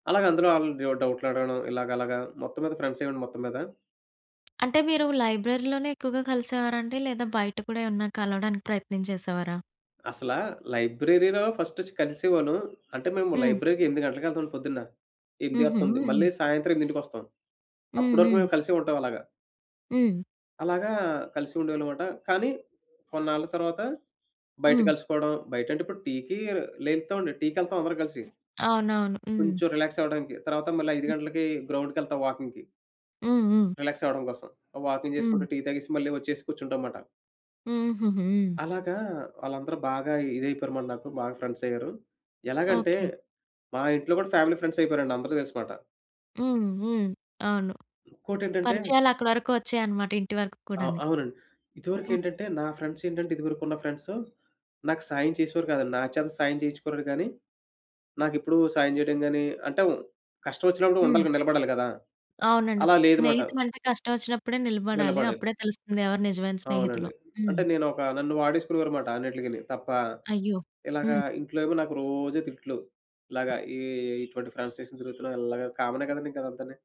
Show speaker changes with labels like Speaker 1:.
Speaker 1: అలాగందులో ఆళ్లు ఏవో డౌట్లడగడం ఇలాగలగా మొత్తం మీద ఫ్రెండ్స్ అయ్యాం అండి మొత్తం మీద.
Speaker 2: అంటే మీరు లైబ్రరీలోనే ఎక్కువగా కలిసేవారండి? లేదా బయట కూడా ఏమన్నా కలవడానికి ప్రయత్నం చేసేవారా?
Speaker 1: అసలా లైబ్రరీ‌లో ఫస్ట్ ఒచ్చి కలిసేవాళ్ళు. అంటే మేము
Speaker 2: హ్మ్.
Speaker 1: లైబ్రరీ‌కి 8 గంటలకెళ్తాం అండి పొద్దున్న. ఎనిమిది ఆర్
Speaker 2: హుహు.
Speaker 1: తొమ్మిది
Speaker 2: హ్మ్.
Speaker 1: మళ్ళీ సాయంత్రం ఎనిమిదింటికొస్తాం.
Speaker 2: హ్మ్.
Speaker 1: అప్పటి వరకు
Speaker 2: హ్మ్.
Speaker 1: మేము కలిసే ఉంటాం అలాగా.
Speaker 2: హ్మ్.
Speaker 1: అలాగా కలిసి ఉండేవాళ్ళన్నమాట. కానీ కొన్నాళ్ల తర్వాత బయట
Speaker 2: హ్మ్.
Speaker 1: కలుసుకోవడం బయటంటే ఇప్పుడు టీ‌కి లేత్తామండి టీ‌కెళ్తాం అందరం కలిసి.
Speaker 2: అవునవును. హ్మ్.
Speaker 1: కొంచెం రిలాక్స్ అవ్వడానికి. తర్వాత మళ్ళా 5
Speaker 2: హ్మ్.
Speaker 1: గంటలకి గ్రౌండ్‌కెళ్తాం వాకింగ్‌కి.
Speaker 2: హ్మ్. హ్మ్.
Speaker 1: రిలాక్స్ అవ్వడం కోసం. వాకింగ్
Speaker 2: హ్మ్.
Speaker 1: చేసుకుంటూ టీ తాగేసి మళ్ళీ వచ్చేసి కూర్చుంటాం మాట.
Speaker 2: హుహుహు.
Speaker 1: అలాగా వాళ్ళందరూ బాగా ఇదైపోయారు మరి నాకు బాగా ఫ్రెండ్స్ అయ్యారు. ఎలాగంటే?
Speaker 2: ఓకే.
Speaker 1: మా ఇంట్లో కూడా ఫ్యామిలీ ఫ్రెండ్స్ అయిపోయారండి అందరికి తెలుసుమాట.
Speaker 2: హ్మ్. హ్మ్. అవును.
Speaker 1: ఇంకోటేంటంటే
Speaker 2: పరిచయాలక్కడి వరకు ఒచ్చాయన్నమాట. ఇంటి వరకు
Speaker 1: ఆ!
Speaker 2: కూడాని.
Speaker 1: అవునండి.
Speaker 2: హ్మ్.
Speaker 1: ఇదివరకేంటంటే నా ఫ్రెండ్స్ ఏంటంటే ఇదివరకున్న ఫ్రెండ్స్ నాకు సాయం చేసేవారు కాదండి. నా చేత సాయం చేయించుకుంటురు గాని నాకెప్పుడూ సాయం చేయడం గాని అంటే కష్టం ఒచ్చినప్పుడు
Speaker 2: హ్మ్.
Speaker 1: ఉండాలి క నిలబడాలి గదా!
Speaker 2: అవునండి.
Speaker 1: అలా
Speaker 2: ఫ్
Speaker 1: లేదుమాట.
Speaker 2: స్నేహితం అంటే కష్టం ఒచ్చినప్పుడే నిలబడాలి.
Speaker 1: నిలబడె
Speaker 2: అప్పుడే తెలుస్తుంది ఎవరు నిజమైన స్నేహితులో.
Speaker 1: అవునండి. అంటే
Speaker 2: హ్మ్.
Speaker 1: నేనొక నన్ను వాడేసుకునేవారుమాట అన్నిట్లికిని. తప్ప
Speaker 2: అయ్యో!
Speaker 1: ఇలాగ
Speaker 2: హ్మ్.
Speaker 1: ఇంట్లో ఏమో నాకు రోజు తిట్లు. ఇలాగ ఈ ఇటువంటి ఫ్రెండ్స్‌నేసుకుని తిరుగుతున్నావు ఇలాగా కామనే కదా అండి ఇంక అదంతని!